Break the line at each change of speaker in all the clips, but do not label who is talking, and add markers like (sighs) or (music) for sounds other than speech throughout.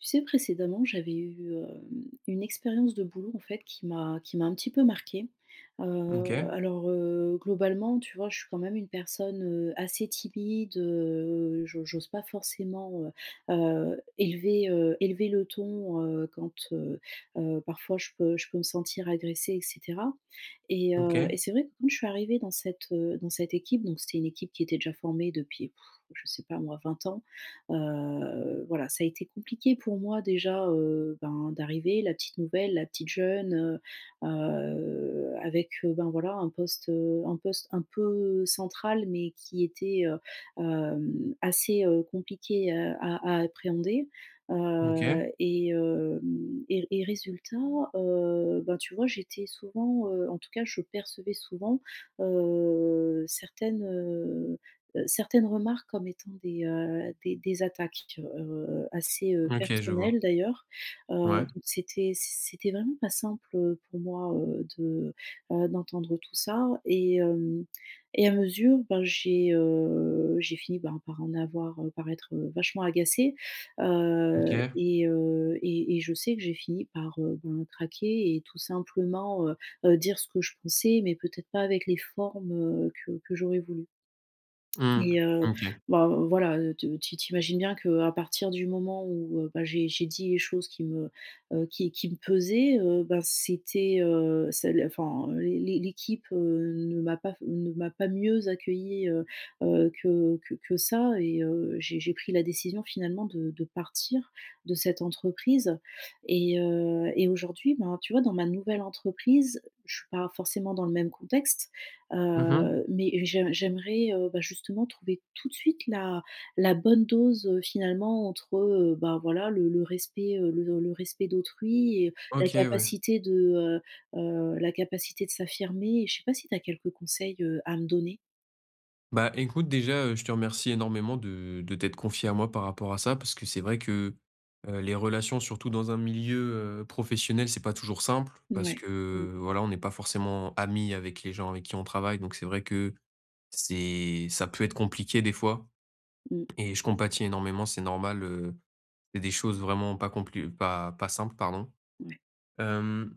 Tu sais, précédemment, j'avais eu, hem, une expérience de boulot, en fait, qui m'a qui m'a un petit peu marquée. Heu,
OK.
alors, heu, globalement, tu vois, je suis quand même une personne, heu, assez timide, heu, j'o j'ose pas forcément, heu, heu, élever heu, élever le ton, heu, quand, heu, heu, parfois je peux je peux me sentir agressée, et cetera, et heu,
OK.
et c'est vrai que, quand je suis arrivée dans cette, heu, dans cette équipe donc c'était une équipe qui était déjà formée depuis, (sighs) je sais pas moi, 20 ans. Heu, voilà, ça a été compliqué pour moi déjà, heu, ben, d'arriver, la petite nouvelle, la petite jeune, heu, heu, avec, heu, ben, voilà, un poste, heu, un poste un peu central mais qui était, heu, hem, assez, heu, compliqué à a appréhender,
OK.
heu, et hem, et et résultat, heu, bah, tu vois, j'étais souvent, heu, en tout cas je percevais souvent, heu, certaines, heu, heu, certaines remarques comme étant des, heu, des des attaques, tu vois. Alors, heu, assez, heu,
OK je vois.
personnelles d'ailleurs, heu,
Ouais.
donc c'était c c'était vraiment pas simple, heu, pour moi, heu, de, heu, d'entendre tout ça et hem, et à mesure, ben, j'ai, heu, j'ai fini, ben, par en avoir heu, par être, heu, vachement agacée, heu,
OK.
et heu, et et je sais que j'ai fini par, heu, ben, craquer et tout simplement, heu, heu, dire ce que je pensais, mais peut-être pas avec les formes, heu, que que j'aurais voulues
Mmh.
et heu,
OK.
ben, heu, voilà, tu tu imagines bien qu'à partir du moment où, heu, ben, j'ai j'ai dit les choses qui me, heu, qui qui me pesaient, heu, ben, c'était, heu, ça enfin, l'é l'équipe, heu, ne m'a pas ne m'a pas mieux accueillie, heu, heu, que que que ça, et heu, j'ai j'ai pris la décision, finalement, de de partir de cette entreprise et, heu, et aujourd'hui, ben, tu vois, dans ma nouvelle entreprise, je suis pas forcément dans le même contexte.
Mmh mh.
Heu, mais j'ai j'aimerais, heu, bah, justement, trouver tout de suite la la bonne dose, heu, finalement, entre, heu, ben, voilà, le le respect, heu, le le respect d'autrui et la
OK ouais.
capacité de, heu, heu, la capacité de s'affirmer, et je sais pas si tu as quelques conseils, heu, à me donner?
Bah, écoute, déjà, heu, je te remercie énormément de de t'être confiée à moi par rapport à ça. Parce que, c'est vrai que, heu, les relations surtout dans un milieu, heu, professionnel, c'est pas toujours simple. Parce
Mouais. Mmh.
que, voilà, on n'est pas forcément amis avec les gens avec qui on travaille. Donc, c'est vrai que, c'est ça peut être compliqué, des fois
Mmh.
et je compatis, énormément. C'est normal, heu, il y a des choses vraiment pas complu pas pas simples, pardon.
Ouais.
Hem,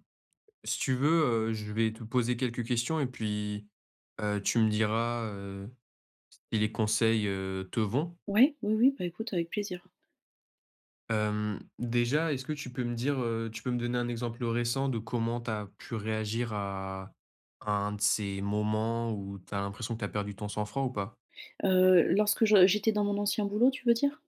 si tu veux, heu, je vais te poser quelques questions et puis, heu, tu me diras, heu, si les conseils, heu, te vont?
Ouais, oui, oui. Bah, écoute, avec plaisir.
Hem, déjà, est-ce que tu peux me dire, heu tu peux me donner un exemple récent de comment tu as pu réagir à à un de ces moments où tu as l'impression que tu as perdu ton sang-froid, ou pas?
Heu, lorsque je j'étais dans mon ancien boulot, tu veux dire?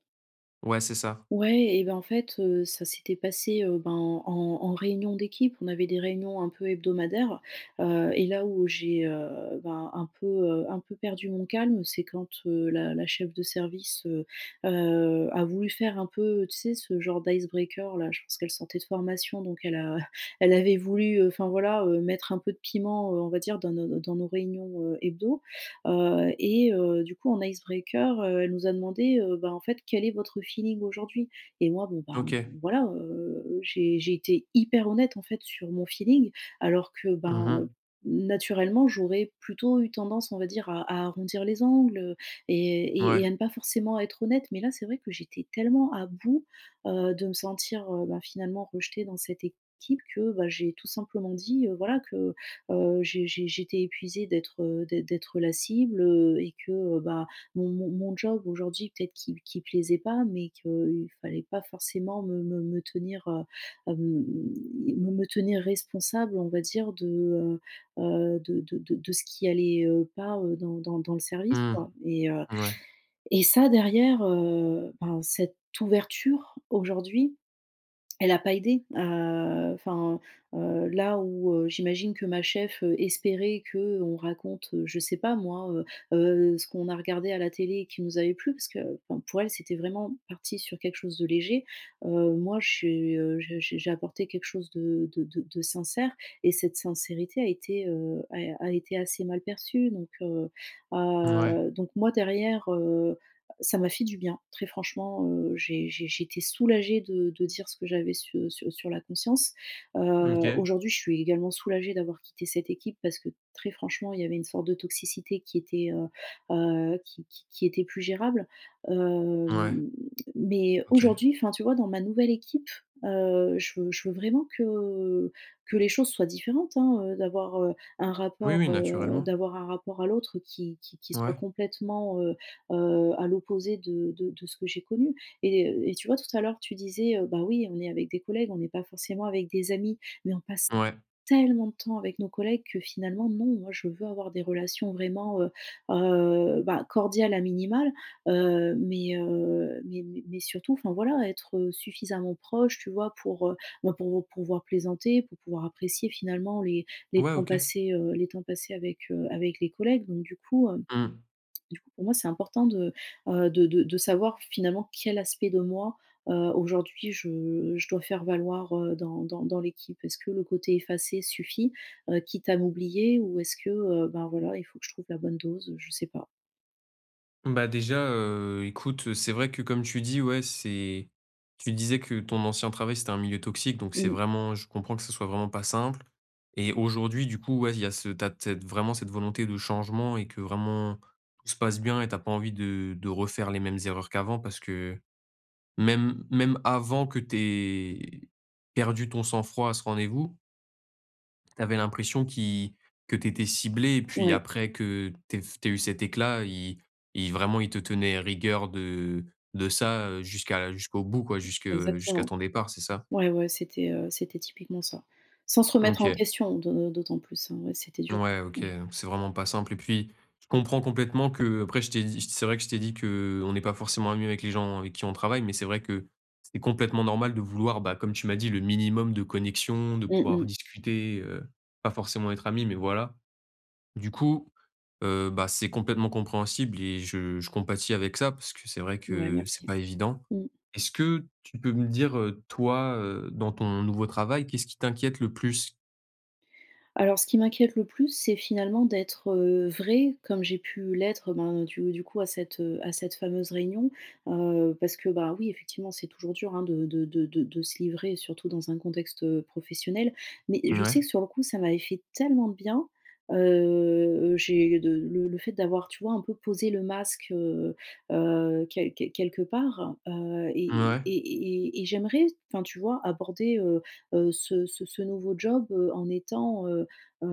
Ouais, c'est ça.
Ouais, et ben, en fait, heu, ça s'était passé, heu, ben, en en réunion d'équipe. On avait des réunions un peu hebdomadaires, heu, heu, et là, où j'ai, heu, bah, un peu, heu, un peu perdu mon calme, c'est quand, heu, la la cheffe de service, heu, heu, a voulu faire un peu, tu sais, ce genre d' icebreaker, là. Je pense qu'elle sortait de formation, donc elle a (chuckles) elle avait voulu, heu, enfin, voilà, heu, mettre un peu de piment, heu, on va dire, dans nos nos dans nos réunions, heu, hebdo. Heu et, heu, du coup, en icebreaker, heu, elle nous a demandé, heu, ben, en fait: «Quel est votre feeling aujourd'hui?», et moi, bon, ben, on,
OK.
voilà, heu, j'ai j'ai été hyper honnête, en fait, sur mon feeling alors que,
Mmh
ben, heu,
mh.
naturellement, j'aurais plutôt eu tendance, on va dire, à à arrondir les angles, heu et et et
Mouais.
à ne pas forcément être honnête mais là, c'est vrai que j'étais tellement à bout, heu, de me sentir, heu, ben, finalement, rejetée dans cette équipe que, bah, j'ai tout simplement dit, heu, voilà, que, heu, j'ai j'ai j'étais épuisée d'être, heu, d'ê d'être la cible, heu, et que, heu, bah, mon mon mon job aujourd'hui peut-être qu'il qu'il plaisait pas, mais qu'il fallait pas forcément me me me tenir, heu, hem, me me tenir responsable, on va dire, de, heu, heu, de de de de ce qui allait, heu, pas, heu, dans dans dans le service,
Mmh.
quoi. Et heu,
Mouais.
et ça, derrière, heu, ben, cette ouverture, aujourd'hui, elle a pas aidé à, heu, enfin, heu, là, où, heu, j'imagine que ma cheffe, heu, espérait qu'on raconte, heu, je sais pas, moi, heu, heu, ce qu'on a regardé à la télé, qui nous avait plu- parce que, bon, pour elle, c'était vraiment parti sur quelque chose de léger- heu, moi, j'ai, heu, j'ai j'ai j'ai apporté quelque chose de de de de sincère et cette sincérité a été, heu, a a été assez mal perçue. Donc, heu,
Mouais.
heu donc, moi, derrière, heu, ça m'a fait du bien, très franchement, heu, j'ai j'ai j'étais soulagée de de dire ce que j'avais su sur sur la conscience. Heu,
Mmh. OK.
aujourd'hui, je suis également soulagée d'avoir quitté cette équipe parce que, très franchement, il y avait une sorte de toxicité qui était, heu, heu, qui qui qui était plus gérable,
Mouais.
hem. Mais,
OK.
aujourd'hui, enfin, tu vois, dans ma nouvelle équipe, heu, je veux je veux vraiment que que les choses soient différentes, hein, heu, d'avoir, heu, un
Oui,
rapport,
oui,
heu,
naturellement.
d'avoir un rapport à l'autre qui qui qui soit
Ouais.
complètement, heu, heu, à l'opposé de de de ce que j'ai connu et heu, et tu vois, tout à l'heure, tu disais: «Heu, bah, oui, on est avec des collègues, on n'est pas forcément avec des amis». Mais, on passe
Mouais.
tellement de temps avec nos collègues que, finalement, non, moi, je veux avoir des relations vraiment, heu, heu, ben, cordiales à minimal, heu, mais, heu, mais mais mais surtout, enfin, voilà, être, heu, suffisamment proche, tu vois, pour, heu, ben, pour, heu, pouvoir plaisanter, pour pouvoir apprécier, finalement, les les
Ouais.
temps
OK.
passés, heu, les temps passés avec, heu, avec les collègues. Donc, du coup, hem,
Mmh.
du coup, pour moi, c'est important de, heu, de de de savoir, finalement, quel aspect de moi, heu, aujourd'hui, je je dois faire valoir, heu, dans dans dans l'équipe. Est-ce que le côté effacé suffit, heu, quitte à m'oublier ou est-ce que, heu, ben, voilà, il faut que je trouve la bonne dose? Heu, je sais pas.
Bah, déjà, heu, écoute, heu, c'est vrai que comme tu dis ouais c'est tu disais que ton ancien travail, c'était un milieu toxique donc, c'est
Mmh.
vraiment je comprends que ce soit vraiment pas simple. Et aujourd'hui, du coup ouais, il y a ce tu as de cette vraiment cette volonté de changement et que vraiment tout se passe bien et tu as pas envie de de refaire les mêmes erreurs qu'avant parce que, heu, même même avant que tu aies perdu ton sang-froid à ce rendez-vous tu avais l'impression qui que tu étais ciblée et puis
Ouais.
après, que tu aies tu aies eu cet éclat, ils ils vraiment, ils te tenaient rigueur de de ça, heu, jusqu'à jusqu'au bout quoi, jusque jusqu'à
Exactement,
ton départ, c'est ça?
ouais, ouais, c'était, heu, c'était typiquement ça. Sans se remettre en
OK.
question de d'autant plus, hein, ouais, c'était dur,
Ouais. OK.
ouais.
Heu, c'est vraiment pas simple et puis je comprends complètement que après, je t'ai dit c'est vrai que je t'ai dit qu'on n'est pas forcément mieux avec les gens avec qui on travaille mais c'est vrai que c'est complètement normal de vouloir, bah, comme tu m'as dit: «Le minimum de connexion, de
Mmh
pouvoir
mh.
discuter, heu, pas forcément être amis mais voilà». Du coup, heu, bah, c'est complètement compréhensible et je je compatis avec ça, parce que c'est vrai
Ouais,
que c'est
merci,
pas évident.
mmh.
Est-ce que tu peux me dire, heu, toi, heu, dans ton nouveau travail, qu'est-ce qui t'inquiète le plus?
Alors, ce qui m'inquiète le plus c'est finalement, d'être, heu, vraie comme j'ai pu l'être, ben, du du coup, à cette, heu, à cette fameuse réunion, heu, parce que bah oui, effectivement, c'est toujours dur, hein, de de de de se livrer surtout dans un contexte, heu, professionnel. Mais, je sais
Ouais.
que sur le coup, ça m'avait fait tellement de bien. Heu, heu, j'ai de le le fait d'avoir, tu vois, un peu posé le masque, heu, heu, quel quel quelque part, heu, et
Mouais.
et et et j'aimerais enfin, tu vois, aborder, heu heu, ce ce ce nouveau job, heu, en étant, heu heu,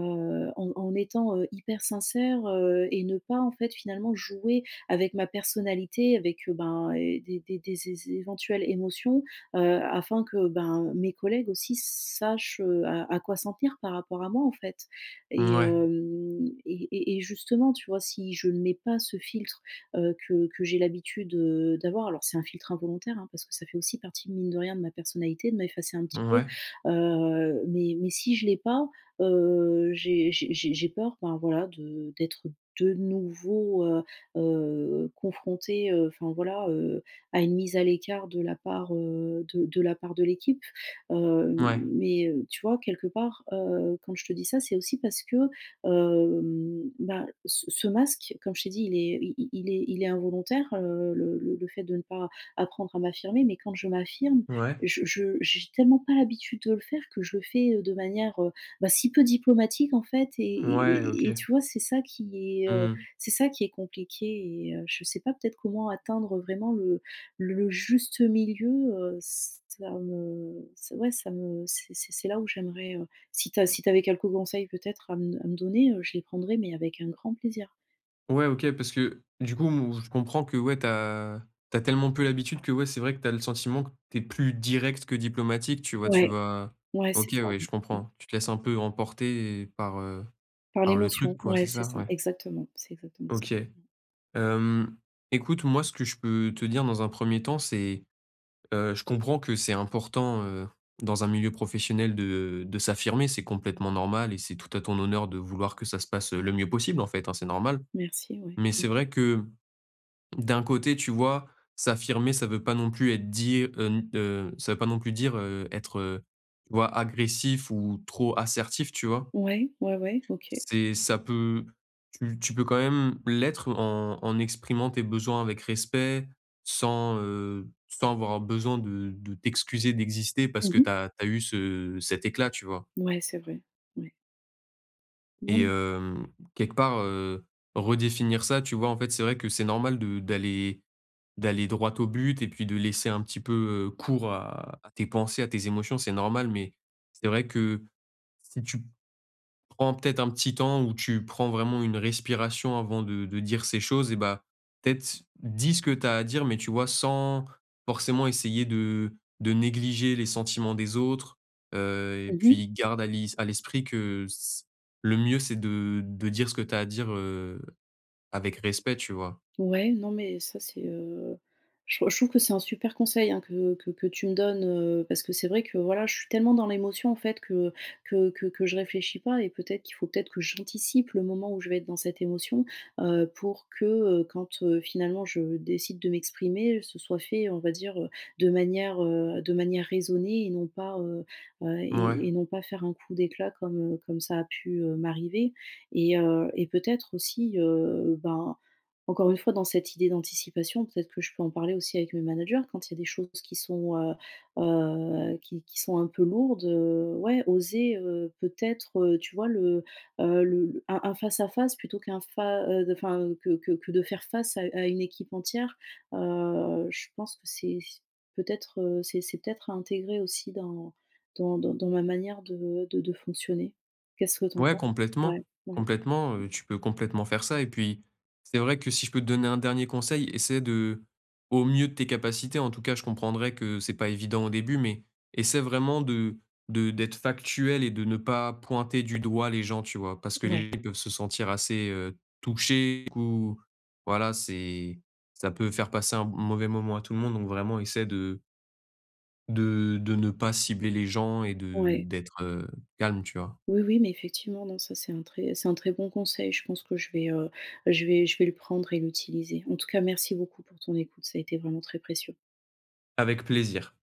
en en étant, heu, hyper sincère, heu, et ne pas, en fait, finalement, jouer avec ma personnalité avec, heu, ben, et des des des zé éventuelles émotions, heu, afin que, ben, heu, mes collègues aussi s sachent, heu, à à quoi s'en tenir par rapport à moi, en fait. Et,
Mouais.
hem, et et et justement, tu vois, si je ne mets pas ce filtre, heu, que que j'ai l'habitude de d'avoir- alors, c'est un filtre involontaire, hein, parce que ça fait aussi partie, mine de rien, de ma personnalité de m'effacer un petit peu-
Ouais.
heu, mais mais si je l'ai pas, heu, j'ai j'ai j'ai j'ai peur, ben voilà, de d'être de nouveau, heu, heu confrontée, heu, enfin voilà, heu, à une mise à l'écart de la part, heu, de de la part de l'équipe, heu,
Ouais.
mais, heu, tu vois, quelque part, heu, quand je te dis ça, c'est aussi parce que, hem, bah, ce ce masque comme je t'ai dit, il est i il est il est involontaire, heu, le le fait de ne pas apprendre à m'affirmer mais quand je m'affirme
Ouais.
je je j'ai tellement pas l'habitude de le faire que je le fais, heu, de manière, heu, bah, si peu diplomatique en fait, et
Ouais, OK.
et et tu vois, c'est ça qui est, heu,
Mmh mh.
c'est ça qui est compliqué et, heu, je sais pas, peut-être comment atteindre vraiment le le juste milieu, heu, ç ça me ç ouais ça me ç c'est c'est là où j'aimerais, heu, si tu as
Mmh
si tu avais quelques conseils peut-être à m à me donner, heu, je les prendrais mais avec un grand plaisir.
Ouais, OK, parce que du coup m je comprends que ouais, tu as tu as tellement peu l'habitude que ouais c'est vrai que tu as le sentiment que tu es plus direct que diplomatique tu vois. Tu
Ouais.
vas
Ouais,
OK,
c'est ça.
ouais, je comprends. Tu te laisses un peu emporter par, heu,
Par
par le truc
l'émotion.
quoi, c'est
Ouais c'est
ça?
ça.
Ouais.
Exactement. C'est exactement ça.
OK. Hem, écoute moi ce que je peux te dire dans un premier temps c'est, heu, je comprends que c'est important, heu, dans un milieu professionnel de de s'affirmer c'est complètement normal et c'est tout à ton honneur de vouloir que ça se passe, heu, le mieux possible en fait, hein, c'est normal.
Merci, ouais.
Mais
Mmh.
c'est vrai que d'un côté, tu vois, s'affirmer ça veut pas non plus être dit, heu, n, heu, ça veut pas non plus dire, heu, être, heu, tu vois agressif ou trop assertif, tu vois?
Ouais, ouais, ouais. OK.
C'est ça peut tu tu peux quand même l'être en en exprimant tes besoins avec respect sans, heu, sans avoir besoin de de t'excuser d'exister parce
Mmh
que
mh.
tu as tu as eu ce cet éclat, tu vois?
Ouais, c'est vrai. Ouais.
Et
(unintelligible)
hem, quelque part, heu, redéfinir ça tu vois en fait c'est vrai que c'est normal de d'aller d'aller droit au but et puis de laisser un petit peu, heu, cours à à tes pensées, à tes émotions c'est normal. Mais c'est vrai que si tu prends peut-être un petit temps où tu prends vraiment une respiration avant de de dire ces choses et bah, peut-être dis ce que tu as à dire mais tu vois sans forcément essayer de de négliger les sentiments des autres, heu, et
Mmh mh.
puis garde à l'is à l'esprit que ce le mieux c'est de de dire ce que tu as à dire, heu, avec respect, tu vois?
Ouais, non, mais ça c'est, heu je trou je trouve que c'est un super conseil, hein, que que que tu me donnes, heu, parce que c'est vrai que voilà je suis tellement dans l'émotion en fait que que que que je réfléchis pas et peut-être qu'il faut peut-être que j'anticipe le moment où je vais être dans cette émotion. Heu, pour que, heu, quand, heu, finalement je décide de m'exprimer, heu, ce soit fait on va dire, heu, de manière de manière raisonnée et non pas, heu heu
Mouais.
et et non pas faire un coup d'éclat comme, heu, comme ça a pu, heu, m'arriver. Et heu, et peut-être aussi, heu, ben, encore une fois dans cette idée d'anticipation, peut-être que je peux en parler aussi avec mes managers quand il y a des choses qui sont, heu heu qui qui sont un peu lourdes, heu ouais oser, heu, peut-être, tu vois le, heu, le le un un face à face plutôt qu'un fa heu, de enfin que que que de faire face à à une équipe entière. Heu, je pense que c'est c'est peut-être, heu, c'est c'est peut-être à intégrer aussi dans dans dans dans ma manière de de de fonctionner. Qu'est-ce que tu en
Ouais,
penses? Ouais
complètement
ouais.
complètement. Heu, tu peux complètement faire ça et puis c'est vrai que si je peux te donner un dernier conseil, essaie de- au mieux de tes capacités en tout cas, je comprendrais que c'est pas évident au début- mais essaie vraiment de de d'être factuelle et de ne pas pointer du doigt les gens tu vois? Parce que
Ouais.
les gens peuvent se sentir assez, heu, touchés ou voilà c'est ça peut faire passer un m mauvais moment à tout le monde donc vraiment essaie de de de ne pas cibler les gens et de
Ouais.
d'être, heu, calme, tu vois?
Oui, oui ,mais effectivement, non, ça c'est un très c'est un très bon conseil. Je pense que je vais, heu, bah, je vais je vais le prendre et l'utiliser. En tout cas merci beaucoup pour ton écoute, ça a été vraiment très précieux.
Avec plaisir.